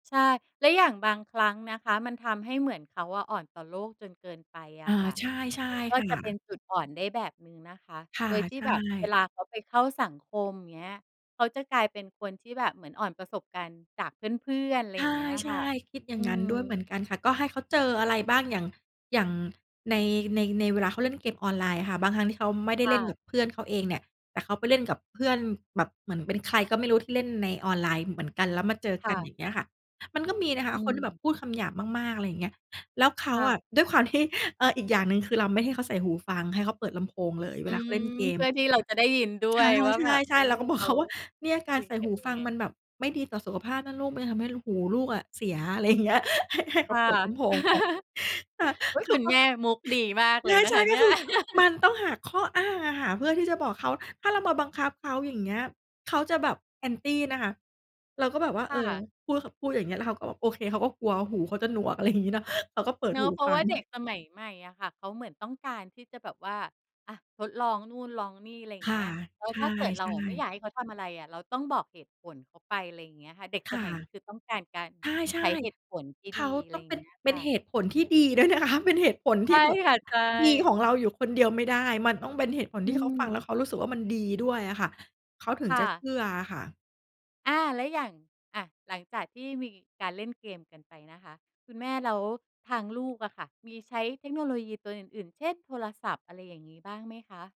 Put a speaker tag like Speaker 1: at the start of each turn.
Speaker 1: ใช่ แล้วอย่างบางครั้งนะคะมันทำให้เหมือนเขาอะอ่อนต่อโลกจนเกินไปอ
Speaker 2: อ
Speaker 1: ะ
Speaker 2: า
Speaker 1: ค่ะ
Speaker 2: ใช่ ใช่
Speaker 1: มันก็
Speaker 2: ค่
Speaker 1: จะเป็
Speaker 2: ะ
Speaker 1: นจุดอ่อนได้แบบหนึ่งนะคะ
Speaker 2: ค่
Speaker 1: โ
Speaker 2: ะ
Speaker 1: ดยที่
Speaker 2: ใช
Speaker 1: แบบเว
Speaker 2: ่
Speaker 1: ลาเขาไปเข้าสังคม เงี้ย เขาจะกลายเป็นคนที่แบบเหมือนอ่อนประสบการณ์จากเพื่อน ๆ ไร
Speaker 2: ใ
Speaker 1: เงี้ย
Speaker 2: ช
Speaker 1: ค่ะ
Speaker 2: ่ ๆ คิดอย่
Speaker 1: อื
Speaker 2: างงั้นด้วยเ
Speaker 1: ม
Speaker 2: หมือนกันค่ะ ก็ให้เขาเจออะไรบ้าง อย่าง อย่างใน ใน ในเวลาเขาเล่นเกมออนไลน์ อะค่ะ บางครั้งที่เขาไม่ได้
Speaker 1: ค
Speaker 2: เ
Speaker 1: ่
Speaker 2: ล่น
Speaker 1: ะ
Speaker 2: กับเพื่อนเขาเองเนี่ย แต่เขาไปเล่นกับเพื่อนแบบเหมือนเป็นใครก็ไม่รู้ที่เล่นในออนไลน์ เหมือนกันแล้วมาเจอ
Speaker 1: ค
Speaker 2: ก
Speaker 1: ่
Speaker 2: ัน
Speaker 1: ะ
Speaker 2: อย่างเงี้ยค่ะ มันก็มีนะค
Speaker 1: อ
Speaker 2: ะ
Speaker 1: ื
Speaker 2: คนที่แบบ
Speaker 1: ม
Speaker 2: พูดคำหยาบมาก ๆ อะไรอย่างเงี้ย แล้วเขา
Speaker 1: ค่
Speaker 2: อะ
Speaker 1: ะ
Speaker 2: ด้วยความที่ เออ อีกอย่างหนึ่งคือเราไม่ให้เขาใส่หูฟัง ให้เขาเปิดลำโพงเลย
Speaker 1: อ
Speaker 2: เว
Speaker 1: ื
Speaker 2: ลาเขา
Speaker 1: ม
Speaker 2: เล่นเก
Speaker 1: เพ
Speaker 2: ม
Speaker 1: ื่อที่เราจะได้ยินด้ว
Speaker 2: ค่
Speaker 1: ย
Speaker 2: ะ
Speaker 1: ว่า แบบ
Speaker 2: ใ
Speaker 1: เ
Speaker 2: ช
Speaker 1: อ
Speaker 2: ่
Speaker 1: อ
Speaker 2: ๆ เราก็บอ
Speaker 1: เข
Speaker 2: ก เ
Speaker 1: า
Speaker 2: ขาว่า เนี่ย ก
Speaker 1: ค
Speaker 2: า
Speaker 1: ุ
Speaker 2: ร
Speaker 1: ย
Speaker 2: ใส่
Speaker 1: กั
Speaker 2: ห
Speaker 1: น
Speaker 2: ู
Speaker 1: ย
Speaker 2: ฟ
Speaker 1: ั
Speaker 2: ั
Speaker 1: งไ
Speaker 2: ง
Speaker 1: ง?
Speaker 2: มันแบบไม่ดีต่อสุขภาพนะลูก มันจะทำให้ลู หูลูกอะเสีย อะไร อย่างเงี้ย ให้ ให้เ
Speaker 1: ค
Speaker 2: ขา
Speaker 1: ่ะ
Speaker 2: เปิดลำโพงไป ค่ะ
Speaker 1: อุ๊ย
Speaker 2: เข
Speaker 1: ค
Speaker 2: า
Speaker 1: ุณ
Speaker 2: ก็
Speaker 1: แม่มุกดีมากเลยนะ
Speaker 2: ใช
Speaker 1: ค
Speaker 2: ่
Speaker 1: ะเ
Speaker 2: ๆ ก
Speaker 1: น
Speaker 2: ็
Speaker 1: ี่ย
Speaker 2: คือ มันต้องหาข้ออ้างอะค่ะ เพื่อที่จะบอกเขา ถ้าเรามาบังคับเขา อย่างเงี้ย เขาจะแบบ Anti นะคะ เราก็แบบว่า
Speaker 1: ค
Speaker 2: เ
Speaker 1: ่
Speaker 2: ออ
Speaker 1: ะ
Speaker 2: พูด ข พูดอย่างเงี้ย แล้วเขาก็แบบ โอเค เขาก็กลัวหูเขาจะหนวก อะไรอย่างงี้เนาะ เขาก็เปิด
Speaker 1: เนา
Speaker 2: ห
Speaker 1: ะ
Speaker 2: ู
Speaker 1: เพรา
Speaker 2: ฟ
Speaker 1: ะ
Speaker 2: ั
Speaker 1: ว่า
Speaker 2: ง
Speaker 1: เด็กสมัยใหม่อะค่ะเขาเหมือนต้องการที่จะแบบว่า อะ ทดลองนู่นลองนี่ อะไรอย่
Speaker 2: ค
Speaker 1: างเง
Speaker 2: ่ะ
Speaker 1: ี้ย แล้
Speaker 2: ใ
Speaker 1: ว
Speaker 2: ช
Speaker 1: ถ้าเกิดเรา
Speaker 2: ่
Speaker 1: อะไม่อ
Speaker 2: ๆ
Speaker 1: ยากให้เขาทำอะไรอะ เราต้องบอกเหตุผลเขาไป อะไรอย่างเงี้ยค่ะ เด็ก
Speaker 2: ค
Speaker 1: ส
Speaker 2: ่ะ
Speaker 1: มัยนี้คือต้องการการ
Speaker 2: ใช
Speaker 1: ใ
Speaker 2: ่
Speaker 1: ช้เหตุผลที่
Speaker 2: ๆ เ
Speaker 1: ด
Speaker 2: ข
Speaker 1: ี
Speaker 2: า
Speaker 1: อะไ
Speaker 2: ต
Speaker 1: ร
Speaker 2: ้อ
Speaker 1: อ
Speaker 2: ง
Speaker 1: ย่
Speaker 2: เ
Speaker 1: า
Speaker 2: ป
Speaker 1: ง
Speaker 2: ็น
Speaker 1: เงี้ย
Speaker 2: เป
Speaker 1: ค
Speaker 2: ็น
Speaker 1: ่ะ
Speaker 2: เหตุผลที่ดี ด้วยนะคะ เป็นเหตุผล
Speaker 1: ใช
Speaker 2: ที
Speaker 1: ่
Speaker 2: ่แบบ
Speaker 1: ค่ะ ใช
Speaker 2: ดีของ
Speaker 1: ่
Speaker 2: เราอยู่คนเดียวไม่ได้ มันต้องเป็นเหตุผล
Speaker 1: อื
Speaker 2: ที่เขาฟังแล้
Speaker 1: ม
Speaker 2: วเขารู้สึกว่า มันดีด้วยอะค่ะ เขาถึ
Speaker 1: ค
Speaker 2: ง
Speaker 1: ่
Speaker 2: จะเช
Speaker 1: ะ
Speaker 2: ื่ออะค่ะ
Speaker 1: อา แล้วอย่าง อะ หลังจากที่มีการเล่นเกมกันไปนะคะ คุณแม่ แล้วทางลูกอะค่ะมีใช้เทคโนโลยีตัวอื่น ๆ เช่น โทรศัพท์ อะไรอย่างงี้ บ้างไหมคะ?